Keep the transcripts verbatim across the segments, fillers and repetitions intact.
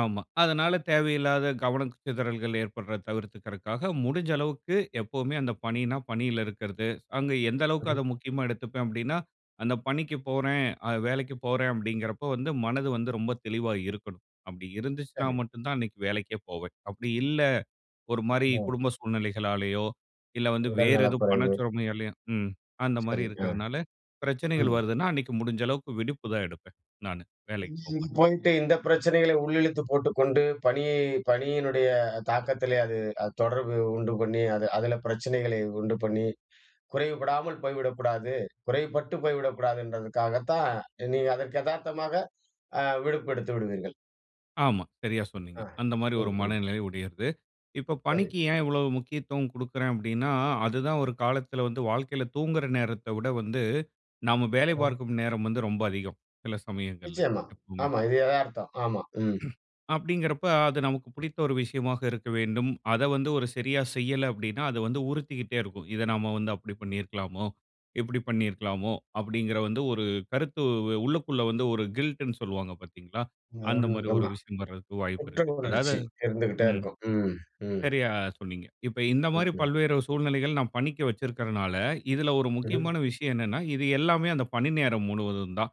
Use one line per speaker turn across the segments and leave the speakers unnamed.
ஆமா. அதனால தேவையில்லாத கவன சிதறல்கள் ஏற்படுறத தவிர்த்துக்கிறதுக்காக, முடிஞ்ச அளவுக்கு எப்பவுமே அந்த
ம்.
பணினா, பணியில இருக்கிறது. அங்க எந்த அளவுக்கு அத
சரி.
முக்கியமா எடுத்துப்பேன் அப்படீன்னா, "அந்த பணிக்குப் போறேன், அது வேலைக்குப் போறேன்." அப்படீங்கிறப்போ வந்து மனது வந்து ரொம்ப தெளிவா இருக்கணும். அப்படி இருந்துச்சுன்னா
சரி.
மட்டும் தான் அன்னைக்கு வேலைக்கே போவேன். அப்படி இல்ல ஒரு மாரி
ஓ.
குடும்ப சூழ்நிலைகளாலேயோ, இல்ல வந்து
உடல்
வேற
நல
எதுவும் பண
குறைவு.
சுரமையாலேயோ ம். அந்த மாரி
சரி, அ.
இருக்கிறதுனால, பிரச்சனைகள்
ம்.
வருதுன்னா அன்னைக்கு முடிஞ்ச அளவுக்கு விடுப்புதான் எடுப்பேன் நானு. வேலைக்கு
[unintelligible]
போமாட்டேன்.
போயிட்டு இந்த பிரச்சனைகளை உள்ளிழுத்துப் போட்டுக் கொண்டு, பணியை பணியினுடைய தாக்கத்திலே அது அது தொடர்பு உண்டு பண்ணி, அது அதுல பிரச்சனைகளை உண்டு பண்ணி குறைவுபடாமல் போய்விடக்கூடாது குறைவுபட்டு போய்விடக்கூடாதுன்றதுக்காகத்தான், நீங்க அதற்கு எதார்த்தமாக ஆ விடுப்பு எடுத்து விடுவீர்கள்.
ஆமா. சரியா சொன்னீங்க.
ஆ.
அந்த மாரி
ம்.
ஒரு
ம்.
மனநிலை உடையது. இப்போ
சரி.
பணிக்கு ஏன் இவ்வளோ முக்கியத்துவம் குடுக்கிறேன் அப்படீன்னா, அது தான் ஒரு காலத்தில வந்து வாழ்க்கையில தூங்குற நேரத்தை விட வந்து, நம்ம வேலை
அப்பறம்.
பார்க்கும் நேரம் வந்து ரொம்ப அதிகம், சில சமயங்கள்ல
நிச்சயமா.
எப்பவுமே.
ஆமா, இது எதார்த்தம். ஆமா, ம்.
அப்படீங்கிறப்ப அது நமக்கு பிடித்த ஒரு விஷயமாக இருக்க வேண்டும். அத வந்து ஒரு சரியா செய்யல அப்டீன்னா, அது வந்து உறுத்திக்கிட்டே இருக்கும். "இத நம்ம வந்து அப்படி பண்ணியிருக்கலாமோ? இப்படி பண்ணியிருக்கலாமோ?" அப்படீங்கிற வந்து ஒரு கருத்து உ உள்ளுக்குள்ள வந்து ஒரு கில்ட்டுன்னு சொல்லுவாங்க பார்த்தீங்களா? அந்த மாரி
[unintelligible]
ஒரு
ஆமா.
விஷயம் வரதுக்கு வாய்ப்பு
குற்ற
இருக்கு. அதாவது
உணர்ச்சி இருந்துகிட்டே
ம்.
இருக்கும். ம். ம்.
சரியா சொன்னீங்க. இப்ப இந்த
ம்.
மாரி
ம்.
பல்வேறு சூழ்நிலைகள் நா பணிக்கு வச்சிருக்கறனால, இதுல ஒரு
ம்ஹ்ம்.
முக்கியமான விஷயம் என்னன்னா, இது எல்லாமே அந்த பணி நேரம் முழுவதும் தான்.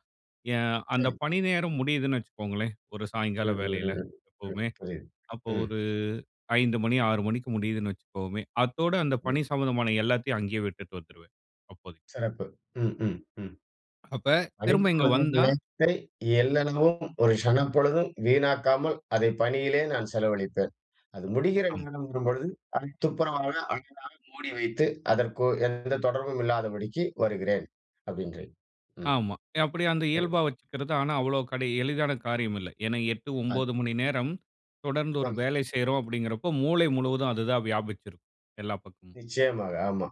என் அந்த
சரி.
பணி நேரம் முடியுதுன்னு வச்சுக்கோங்களேன், ஒரு சாய்ங்கால
ம்,
வேலையில
ம், ம். ம்.
எப்பவுமே.
புரியுது.
அப்ப
ம்.
ஒரு ஐந்து மணி ஆறு மணிக்கு முடியுதுன்னு வச்சுக்குவோமே, அத்தோட அந்த
து.
பணி சம்மந்தமான எல்லாத்தையும் அங்கேயே விட்டுட்டு வந்துருவேன், அப்போதைக்கு.
சிறப்பு. ம், ம், ம்.
அப்ப
"பணி
திரும்ப இங்க
பொழுதின்
வந்தா
நேரத்தை எள்ளலவும், ஒரு சணப்பொழுதும் வீணாக்காமல் அதை பணியிலே நான் செலவழிப்பேன். அது முடிகிற
ஆமா.
நேரம் வரும் பொழுது அதை துப்புரவாக, அழகாக மூடி வைத்து, அதற்கு எந்த தொடர்பும் இல்லாதபடிக்கு வருகிறேன்." அப்படின்றீங்க. ம்.
ஆமா. ய அப்படி அந்த
சரி.
இயல்பா வச்சுக்கிறது, ஆனா அவ்வளோ கடி எளிதான காரியம் இல்ல. ஏன்னா எட்டு,
அது
ஒன்பது மணி நேரம் தொடர்ந்து ஒரு
பொன்.
வேலை செய்றோம் அப்படீங்கிறப்போ, மூளை முழுவதும் அதுதான் வியாபிச்சு இருக்கும், எல்லா பக்கமும்.
நிச்சயமாக, ஆமா.